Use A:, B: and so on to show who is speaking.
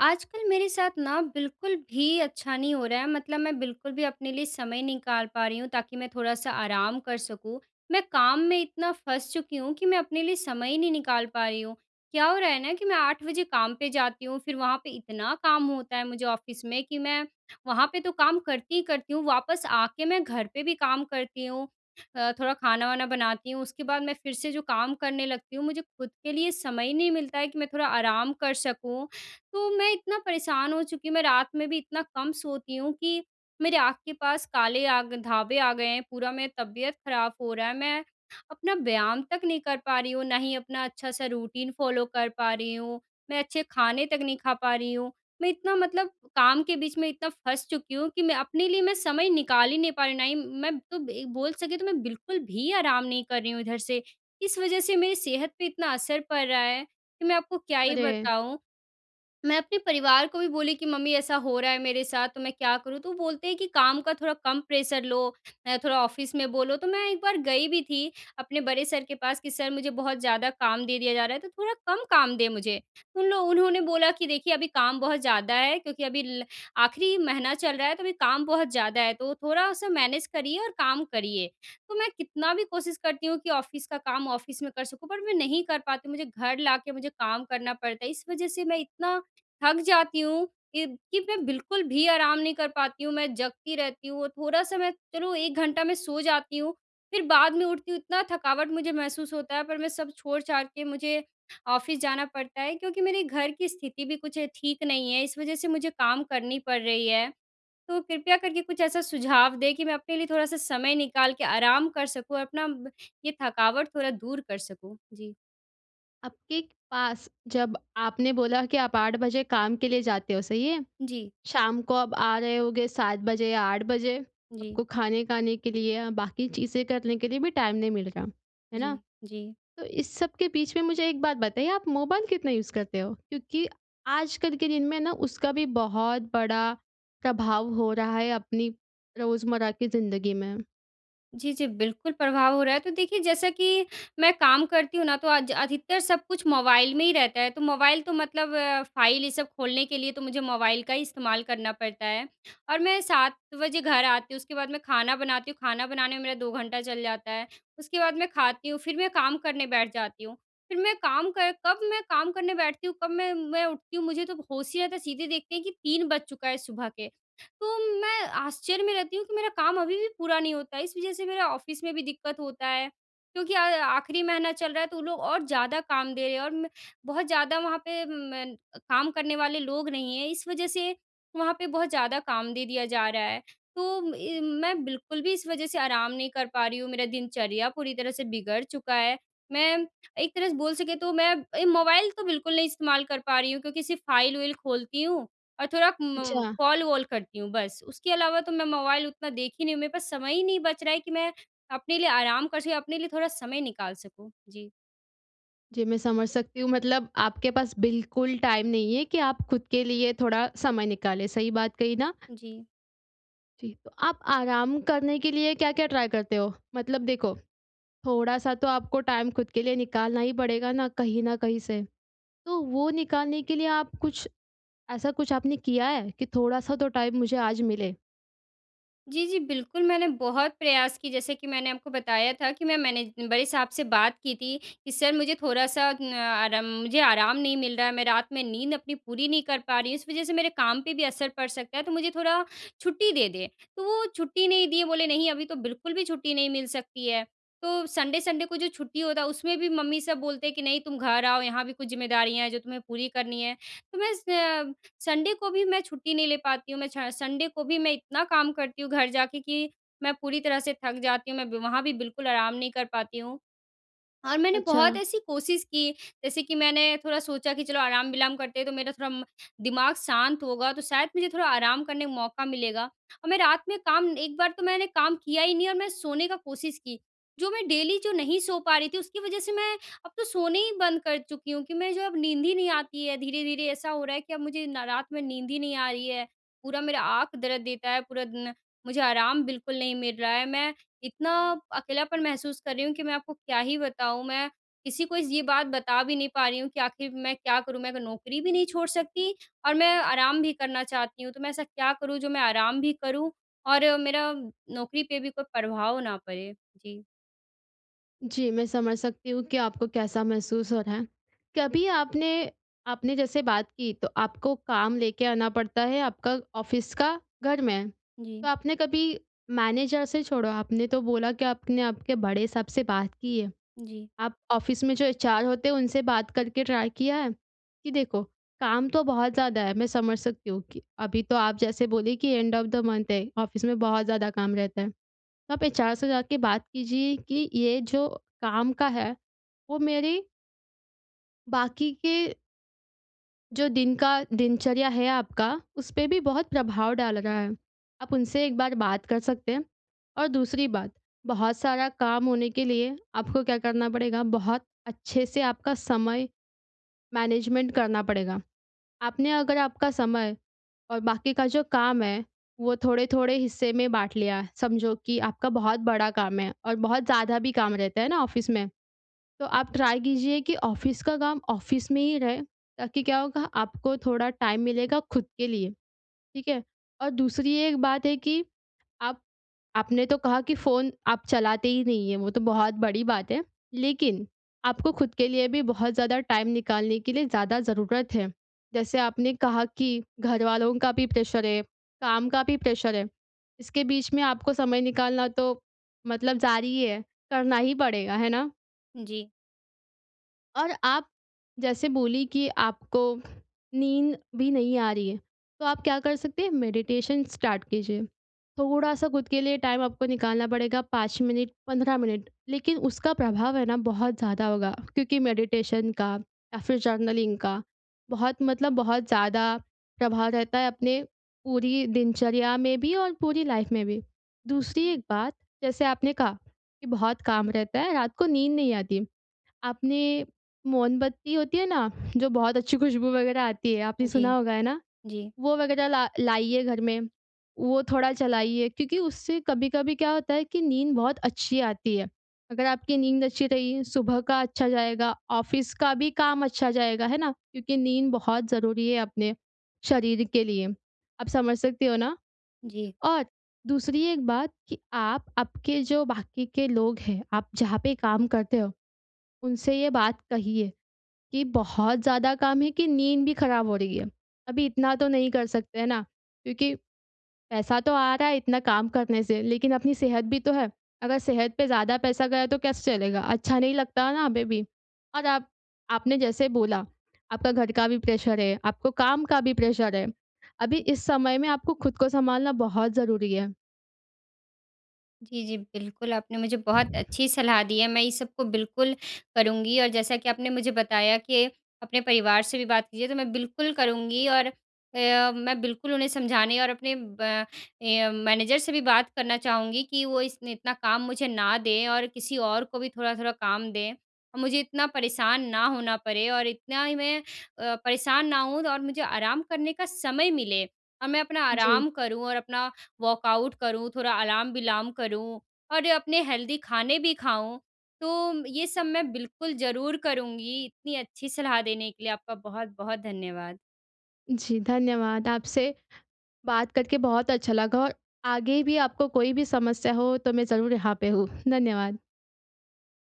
A: आजकल मेरे साथ ना बिल्कुल भी अच्छा नहीं हो रहा है, मतलब मैं बिल्कुल भी अपने लिए समय निकाल पा रही हूँ, ताकि मैं थोड़ा-सा आराम कर सकूँ। मैं काम में इतना फँस चुकी हूँ, कि मैं अपने लिए समय ही नहीं निकाल पा रही हूँ। क्या हो रहा है ना? कि मैं 8 बजे काम पे जाती हूँ फिर वहाँ पे इतना काम होता है मुझे ऑफ़िस में कि मैं, वहाँ पे तो काम करती ही करती हूँ, वापस आके मैं घर पर भी काम करती हूँ। अ, थोड़ा खाना-वाना बनाती हूँ, उसके बाद मैं फिर से जो काम करने लगती हूँ, मुझे ख़ुद के लिए समय ही नहीं मिलता है, कि मैं थोड़ा आराम कर सकूँ। तो मैं इतना परेशान हो चुकी हूँ, मैं रात में भी इतना कम सोती हूँ, कि मेरे आँख के पास काले आग धब्बे आ गए हैं। पूरा मेरा तबियत खराब हो रहा है। मैं अपना व्यायाम तक नहीं कर पा रही हूँ, ना ही अपना अच्छा-सा रूटीन फ़ॉलो कर पा रही हूँ, मैं अच्छे खाने तक नहीं खा पा रही हूँ। मैं इतना मतलब काम के बीच में इतना फँस चुकी हूँ, कि मैं अपने लिए मैं समय निकाल ही नहीं पा रही हूँ। ना ही म मैं तो एक बोल सके तो मैं बिल्कुल भी आराम नहीं कर रही हूँ इधर से। इस वज़ह से मेरी सेहत पे इतना असर पड़ रहा है, कि मैं आपको क्या ही
B: अरे।
A: बताऊँ। मैं अपने परिवार को भी बोली कि मम्मी ऐसा हो रहा है मेरे साथ, तो मैं क्या करूँ? तो वो बोलते हैं कि काम का थोड़ा कम प्रेशर लो। अ, थोड़ा ऑफ़िस में बोलो, तो मैं एक बार गई भी थी, अपने बड़े सर के पास कि सर मुझे बहुत ज़्यादा काम दे दिया जा रहा है, तो थोड़ा कम काम दें मुझे। उन लो उन्होंने बोला कि देखिए अभी काम बहुत ज़्यादा है, क्योंकि अभी ल आखिरी महीना चल रहा है, तो अभी काम बहुत ज़्यादा है, तो थोड़ा उसे मैनेज करिए और काम करिए। तो मैं कितना भी कोशिश करती हूँ कि ऑफ़िस का काम ऑफ़िस में कर सकूँ, पर मैं नहीं कर पाती हूँ, मुझे घर लाके मुझे काम करना पड़ता है, इस वज़ह से मैं इतना थक जाती हूँ कि कि मैं बिल्कुल भी आराम नहीं कर पाती हूँ। मैं जगती रहती हूँ, थोड़ा समय चलो 1 घंटा मैं सो जाती हूँ फिर बाद में उठती हूँ इतना थकावट मुझे महसूस होता है पर मैं सब छोड़-छाड़ के मुझे ऑफ़िस जाना पड़ता है क्योंकि मेरे घर की स्थिति भी कुछ ठीक नहीं है इस वज़ह से मुझे काम करनी पड़ रही है। तो कृपया करके कुछ ऐसा सुझाव दें, कि मैं अपने लिए थोड़ा-सा समय निकाल के आराम कर सकूँ और अपना ब ये थकावट थोड़ा दूर कर सकूँ। जी।
B: आपके पास, जब आपने बोला कि आप 8 बजे काम के लिए जाते हो, सही है?
A: जी।
B: शाम को आप आ रहे होगे 7 बजे या 8 बजे,
A: जी।
B: आपको खाने खाने के लिए, बाक़ी चीज़ें करने के लिए भी टाइम नहीं मिल रहा। है ना?
A: जी, जी।
B: तो इस सब के बीच में मुझे एक बात बताइए, आप मोबाइल कितना यूज़ करते हो? क्योंकि आजकल के दिन में ना, उसका भी बहुत बड़ा प्रभाव हो रहा है अपनी रोज़मर्रा की ज़िंदगी में।
A: जी, जी, बिल्कुल प्रभाव हो रहा है। तो देखिए, जैसा कि मैं काम करती हूँ ना, तो आज अधिकतर सब कुछ मोबाइल में ही रहता है, तो मोबाइल तो मतलब फ़ाइल, ये सब खोलने के लिए तो मुझे मोबाइल का ही इस्तेमाल करना पड़ता है और मैं 7 बजे घर आती हूँ, उसके बाद मैं खाना बनाती हूँ, खाना बनाने में मेरा 2 घंटा चल जाता है। उसके बाद मैं खाती हूँ, फिर मैं काम करने बैठ जाती हूँ। फिर मैं काम कर कब मैं काम करने मैं बैठती हूँ, कब मैं मैं उठती हूँ, मुझे तो अब होश ही आता है, सीधे देखते हैं कि 3 बज चुका है सुबह के, तो मैं आश्चर्य में रहती हूँ कि मेरा काम अभी भी पूरा नहीं होता है, इस वजह से मेरा ऑफ़िस में भी दिक्क़त होता है। क्योंकि अ, आख़िरी महीना चल रहा है, तो वो लोग और ज़्यादा काम दे रहे हैं और मैं बहुत ज़्यादा वहाँ पे म काम करने वाले लोग नहीं हैं, इस वजह से वहाँ पे बहुत ज़्यादा काम दे दिया जा रहा है। तो इ मैं बिल्कुल भी इस वजह से आराम नहीं कर पा रही हूँ, मेरा दिनचर्या पूरी तरह से बिगड़ चुका है। मैं एक तरह से बोल सकें, तो मैं ए मोबाइल तो बिल्कुल नहीं इस्तेमाल कर पा रही हूँ क्योंकि सिर्फ़ फाइल-उइल खोलती हूँ और थोड़ा म
B: अच्छा।
A: कॉल-वॉल करती हूँ, बस। उसके अलावा तो मैं मोबाइल उतना देखी नहीं हूँ, मेरे पास समय ही नहीं बच रहा है कि मैं अपने लिए आराम कर सकें, अपने लिए थोड़ा समय निकाल सकूँ। जी।
B: जी, मैं समझ सकती हूँ मतलब आपके पास बिल्कुल टाइम नहीं है कि आप खुद के लिए थोड़ा समय निकाले, सही बात कही ना?
A: जी।
B: जी। तो आप आराम करने के लिए क्या-क्या ट्राई करते हो? मतलब देखो, थोड़ा-सा तो आपको टाइम खुद के लिए निकालना ही पड़ेगा ना कहीं न कहीं से। तो वो निकालने के लिए आप कुछ, ऐसा कुछ आपने किया है? कि थोड़ा-सा तो टाइम मुझे आज मिले।
A: जी, जी बिल्कुल मैंने बहुत प्रयास कि जैसे कि मैंने आपको बताया था कि मैं मैनेज बड़े साहब से बात की थी कि सर मुझे थोड़ा-सा उम, आराम मुझे आराम नहीं मिल रहा है मैं रात में नींद अपनी पूरी नहीं कर पा रही हूँ इस वजह से मेरे काम पे भी असर पड़ सकता है तो मुझे थोड़ा छुट्टी दे दें। तो वो छुट्टी नहीं दिए बोले नहीं अभी तो बिल्कुल भी छुट्टी नहीं मिल सकती है। तो सन्डे-सन्डे को जो छुट्टी होता है उसमें भी मम्मी सब बोलते हैं कि नहीं तुम घर आओ यहाँ भी कुछ ज़िम्मेदारियाँ है जो तुम्हें पूरी करनी है। तो बस अ, मैं सन्डे को भी मैं छुट्टी नहीं ले पाती हूँ मैं छ सन्डे को भी मैं इतना काम करती हूँ घर जाके कि मैं पूरी तरह से थक जाती हूँ मैं बीमा वहाँ भी बिल्कुल आराम नहीं कर पाती हूँ। और मैंने बहुत
B: अच्छा।
A: ऐसी कोशिश की जैसे कि मैंने थोड़ा सोचा कि चलो आराम-विलाम करते हैं तो मेरा थोड़ा दिमाग शांत होगा तो शायद मुझे थोड़ा आराम करने का मौका मिलेगा। और मैं रात में काम एक बार तो मैंने काम किया ही नहीं और मैं सोने का कोशिश की। जो मैं डेली जो नहीं सो पा रही थी उसकी वजह से मैं अब तो सोने ही बंद कर चुकी हूँ कि मैं जो अब नींद ही नहीं आती है धीरे-धीरे ऐसा हो रहा है कि अब मुझे ना रात में नींद ही नहीं आ रही है। पूरा मेरा आँख दर्द देता है पूरा दिन, मुझे आराम बिल्कुल नहीं मिल रहा है मैं इतना अकेलापन महसूस कर रही हूँ कि मैं आपको क्या ही बताऊँ, मैं किसी को ये बात बता भी नहीं पा रही हूँ कि आख़िर मैं क्या करूँ? मैं अब नौकरी भी नहीं छोड़ सकती, और मैं आराम भी करना चाहती हूँ तो मैं ऐसा क्या करूँम, जो मैं आराम भी करूँ और मेरा नौकरी पे भी कोई प्रभाव ना पड़े? जी।
B: जी, मैं समझ सकती हूँ कि आपको कैसा महसूस हो रहा है। कभी आपने आपने जैसे बात की, तो आपको काम लेके आना पड़ता है आपका ऑफ़िस का घर में। तो
A: जी।
B: आपने कभी मैनेजर से छोड़ो आपने तो बोला कि आपने आपके बड़े साहब से बात की है।
A: जी।
B: आप ऑफ़िस में जो एचआर होते हैं उनसे बात करके ट्राई किया है? कि देखो, काम तो बहुत ज़्यादा है मैं समझ सकती हूँ कि अभी तो आप जैसे बोले कि एंड ऑफ़ द मंथ है ऑफ़िस में बहुत ज़्यादा काम रहता है। तो आप एचआर से जा के बात कीजिए कि ये जो काम का है, वो मेरी बाकी के जो दिन का दिनचर्या है आपका, उसपे भी बहुत प्रभाव डाल रहा है। आप उनसे एक बार बात कर सकते हैं। और दूसरी बात, बहुत सारा काम होने के लिए आपको क्या करना पड़ेगा बहुत अच्छे से आपका समय मैनेजमेंट करना पड़ेगा। आपने अगर आपका समय और बाकी का जो काम है वो थोड़े-थोड़े हिस्से में बाँट लिया, समझो कि आपका बहुत बड़ा काम है और बहुत ज़्यादा भी काम रहता है ना ऑफ़िस में? तो आप ट्राई कीजिए कि ऑफ़िस का काम ऑफ़िस में ही रहे ताकि क्या होगा आपको थोड़ा टाइम मिलेगा ख़ुद के लिए, ठीक है? और दूसरी एक बात है कि आप आपने तो कहा कि फ़ोन आप चलाते ही नहीं है वो तो बहुत बड़ी बात है लेकिन आपको ख़ुद के लिए भी बहुत ज़्यादा टाइम निकालने के लिए ज़्यादा ज़रूरत है। जैसे आपने कहा कि घरवालों का भी प्रेशर है, काम का भी प्रेशर है, इसके बीच में आपको समय निकालना तो मतलब ज़ारी है करना ही पड़ेगा। है ना?
A: जी।
B: और आप जैसे बोली कि आपको नींद भी नहीं आ रही है, तो आप क्या कर सकते हैं मेडिटेशन स्टार्ट कीजिए। थोड़ा-सा ख़ुद के लिए टाइम आपको निकालना पड़ेगा 5 मिनट, 15 मिनट लेकिन उसका प्रभाव है ना, बहुत ज़्यादा होगा। क्योंकि मेडिटेशन का या फिर जर्नलिंग का बहुत मतलब बहुत ज़्यादा प्रभाव रहता है, अपने पूरी दिनचर्या में भी और पूरी लाइफ़ में भी। दूसरी एक बात जैसे आपने कहा, कि बहुत काम रहता है, रात को नींद नहीं आती। आपने मोमबत्ती होती है ना, जो बहुत अच्छी खुशबू वग़ैरह आती है, आपने
A: जी।
B: सुना होगा। है ना?
A: जी।
B: वो वग़ैरह ला लाइए घर में, वो थोड़ा चलाइए क्योंकि उससे कभी-कभी क्या होता है, कि नींद बहुत अच्छी आती है। अगर आपकी नींद अच्छी रही, सुबह का अच्छा जाएगा, ऑफ़िस का भी काम अच्छा जाएगा। है ना? क्योंकि नींद बहुत ज़रूरी है, अपने शरीर के लिए। आप समझ सकते हो ना।
A: जी।
B: और दूसरी एक बात कि, आप आपके जो बाकी के लोग हैं, आप जहाँ पे काम करते हो, उनसे ये बात कहिए कि बहुत ज़्यादा काम है, कि नींद भी ख़राब हो रही है। अभी इतना तो नहीं कर सकते हैं ना, क्योंकि पैसा तो आ रहा है इतना काम करने से लेकिन अपनी सेहत भी तो है। अगर सेहत पे ज़्यादा पैसा गया तो कैसे चलेगा? अच्छा नहीं लगता ना बेबी। और आप आपने जैसे बोला, आपका घर का भी प्रेशर है, आपको काम का भी प्रेशर है, अभी
A: इ
B: इस समय में आपको ख़ुद को सँभालना बहुत ज़रूरी है।
A: जी, जी, बिल्कुल आपने मुझे बहुत अच्छी सलाह दी है, मैं इस सब को बिल्कुल करूँगी। और जैसा कि आपने मुझे बताया कि, अपने परिवार से भी बात कीजिए, तो मैं बिल्कुल करूँगी और अ, मैं बिल्कुल उन्हें समझाने और अपने ब अ, मैनेजर से भी बात करना चाहूँगी कि वो इसने इतना काम मुझे ना दें और किसी और को भी थोड़ा-थोड़ा काम दें। मुझे इतना परेशान ना होना पड़े और इतना ही मैं अ, परेशान ना होऊँ और मुझे आराम करने का समय मिले। और मैं अपना
B: जी।
A: आराम करूँ और अपना वर्कआउट करूँ, थोड़ा आलाम-विलाम करूँ और अपने हेल्दी खाने भी खाऊँ। तो, ये सब मैं बिल्कुल ज़रूर करूँगी। इतनी अच्छी सलाह देने के लिए आपका बहुत-बहुत धन्यवाद।
B: जी, धन्यवाद। आपसे, बात करके बहुत अच्छा लगा और आगे भी आपको कोई भी समस्या हो, तो मैं ज़रूर यहाँ पे हूँ। धन्यवाद।